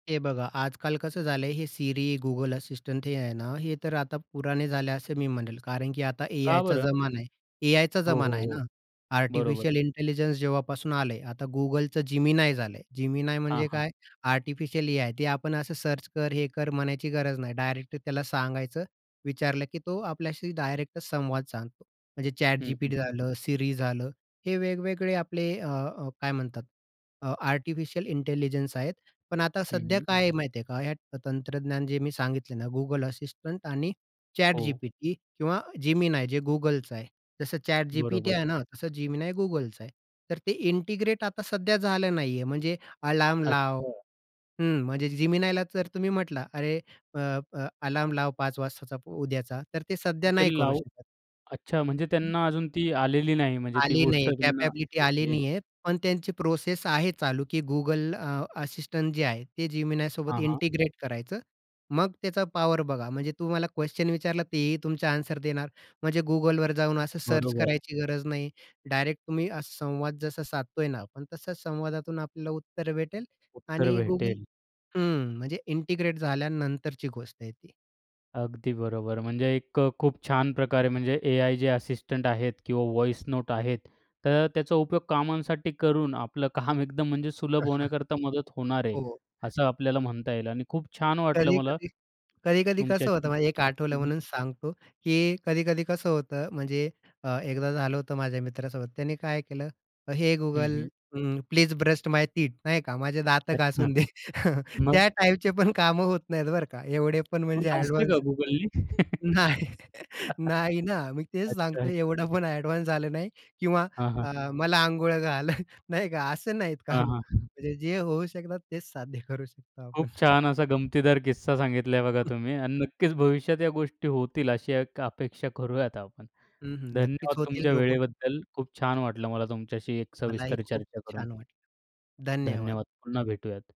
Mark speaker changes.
Speaker 1: हे बघा, आजकाल कसं झालंय हे Siri, Google Assistant हे आहे ना, हे तर आता पुराणे झाले असे मी म्हणेल. कारण की आता
Speaker 2: का
Speaker 1: एआयचा
Speaker 2: बरं?
Speaker 1: जमाना आहे. एआयचा
Speaker 2: हो,
Speaker 1: जमाना
Speaker 2: हो,
Speaker 1: आहे
Speaker 2: हो.
Speaker 1: ना.
Speaker 2: बरोबर.
Speaker 1: आर्टिफिशियल इंटेलिजन्स जेव्हापासून आलंय, आता Googleचं Gemini झालंय. Gemini
Speaker 2: हां,
Speaker 1: म्हणजे
Speaker 2: हां.
Speaker 1: काय? Artificial AI. ते आपण असं सर्च कर, हे कर म्हणायची गरज नाही. डायरेक्टली त्याला सांगायचं, विचारलं की तो आपल्याशी डायरेक्ट संवाद सांगतो. म्हणजे
Speaker 2: हं, हं.
Speaker 1: ChatGPT झालं, Siri झालं. हे वेगवेगळे आपले अ, अ, काय म्हणतात, अ, आर्टिफिशियल इंटेलिजन्स आहेत. पण आता
Speaker 2: हं,
Speaker 1: सध्या
Speaker 2: हं.
Speaker 1: काय आहे माहिती आहे का? ह्या तंत्रज्ञान जे मी सांगितल ना Google Assistant आणि
Speaker 2: हो.
Speaker 1: ChatGPT किंवा Gemini जे Googleचं आहे. जसं
Speaker 2: बरोबर.
Speaker 1: ChatGPT आहे ना, तसं Gemini Googleचं आहे. तर ते इंटिग्रेट आता सध्या झालं नाहीये, म्हणजे अलार्म लाव
Speaker 2: अच्छा.
Speaker 1: हं, म्हणजे Geminiला जर तुम्ही म्हटला, "अरे अ, अ, अलार्म लाव 5:00 वाजताचा पू उद्याचा." तर ते सध्या
Speaker 2: ते
Speaker 1: नाही करू
Speaker 2: लावू
Speaker 1: शकत.
Speaker 2: अच्छा, म्हणजे त्यांना अजून ती आलेली नाही, म्हणजे ती
Speaker 1: आली
Speaker 2: गोष्ट
Speaker 1: नाहीये,
Speaker 2: त्यांना
Speaker 1: कॅपॅबिलिटी
Speaker 2: [unintelligible]
Speaker 1: आली
Speaker 2: हे.
Speaker 1: नाहीये, पण त्यांची प्रोसेस आहे चालू, की Google अ, Assistant जे आहे, ते Geminiसोबत
Speaker 2: हां, हां.
Speaker 1: इंटिग्रेट करायचं. मग त्याचा पॉवर बघा. म्हणजे तुम्हाला क्वेशन विचारला, तेही तुमचे एन्सर देणार. म्हणजे Googleवर जाऊन असं सर्च
Speaker 2: बरोबर.
Speaker 1: करायची गरज नाही. डायरेक्ट तुम्ही असा संवाद जसा साधतोय ना आपण, तसच संवादातून आपल्याला उत्तरं भेटेल
Speaker 2: उत्तर
Speaker 1: आणि Google
Speaker 2: भेटेल.
Speaker 1: हं, म्हणजे इंटिग्रेट झाल्यानंतरची गोष्ट आहे ती.
Speaker 2: अगदी बरोबर, म्हणजे एक अ, खूप छान प्रकारे म्हणजे एआय जे असिस्टंट आहेत किंवा व्हॉइस नोट आहेत, तर त्याचा उपयोग कामांसाठी करून आपलं काम एकदम म्हणजे सुलभ होण्याकरता मदत होणार आहे,
Speaker 1: हो.
Speaker 2: असं आपल्याला म्हणता येईल आणि खूप छान वाटलं मला
Speaker 1: कधी-कधी कधी-कधी
Speaker 2: तुमच्या
Speaker 1: कसं होतं? मा
Speaker 2: हं,
Speaker 1: एक आठवलं
Speaker 2: हं.
Speaker 1: म्हणून सांगतो, की कधी-कधी कसं होतं, म्हणजे अ, एकदा झालं होतं माझ्या मित्रासोबत. त्याने काय केलं हे
Speaker 2: हं,
Speaker 1: Google
Speaker 2: हं.
Speaker 1: हं, प्लीज ब्रस्ट माय टीथ नाही का. माझे दातं
Speaker 2: अच्छा,
Speaker 1: घासून दे.
Speaker 2: मग?
Speaker 1: त्या टाइपचे पण कामं होत नाहीत बरं का, एवढे पण
Speaker 2: मग
Speaker 1: म्हणजे
Speaker 2: घासले का
Speaker 1: अ‍ॅडवान्स
Speaker 2: Googleनी?
Speaker 1: नाही नाही ना, मी तेच
Speaker 2: अच्छा.
Speaker 1: सांगतोय. एवढं पण अ‍ॅडवान्स झालं नाही किंवा
Speaker 2: हां, हां.
Speaker 1: अ, "मला अंघोळ घाल." नाही का असं नाहीत
Speaker 2: हां,
Speaker 1: कामं
Speaker 2: हां.
Speaker 1: म्हणजे जे होऊ शकतात तेच साध्य करू शकतो आपण.
Speaker 2: खूप छान असा गमतीदार किस्सा सांगितला आहे बघा
Speaker 1: हं.
Speaker 2: तुम्ही आणि नक्कीच भविष्यात या गोष्टी होतील, अशी एक अपेक्षा करूयात आपण.
Speaker 1: हं, हं नक्कीच
Speaker 2: धन्यवाद
Speaker 1: होतील
Speaker 2: तुमच्या
Speaker 1: रोबोट.
Speaker 2: वेळेबद्दल. खूप छान वाटलं मला तुमच्याशी एक
Speaker 1: मलाही
Speaker 2: सविस्तर
Speaker 1: खूप
Speaker 2: चर्चा करून.
Speaker 1: छान वाटलं. धन्यवाद.
Speaker 2: धन्यवाद. पुन्हा भेटूयात.